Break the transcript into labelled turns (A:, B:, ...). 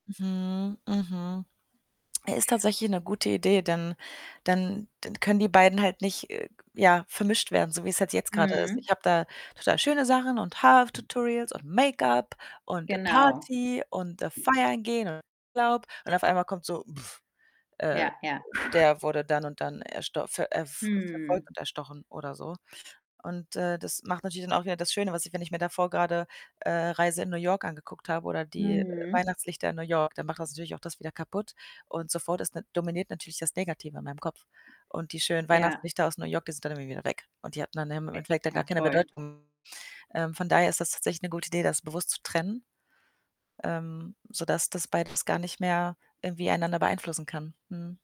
A: Mhm, mhm. Äh, ist tatsächlich 'ne gute Idee, dann dann dann können die beiden halt nicht, äh, g ja, vermischt werden, so wie's halt jetzt grade ist.
B: Mhm.
A: Ich habe da total schöne Sachen und Haar-Tutorials und Make-up und
B: Genau.
A: Party und, äh, feiern gehen und Urlaub und auf einmal kommt so äh,
B: Ja, ja.
A: der wurde dann und dann ersto ver äh,
B: Mhm.
A: verfolgt und erstochen oder so und, äh, das macht natürlich dann auch wieder das Schöne, was ich wenn ich mir davor grade, äh, Reise in New York angeguckt habe oder die
B: Mhm.
A: Weihnachtslichter in New York, dann macht das natürlich auch das wieder kaputt und sofort ist dann dominiert natürlich das Negative in meinem Kopf und die schönen
B: Ja.
A: Weihnachtslichter aus New York, die sind dann irgendwie wieder weg und die hatten dann im im
B: Ä
A: Endeffekt dann gar
B: ja,
A: keine
B: voll.
A: Bedeutung. Ähm, von daher ist das tatsächlich 'ne gute Idee, das bewusst zu trennen, ähm, sodass das beides gar nicht mehr irgendwie einander beeinflussen kann, mhm.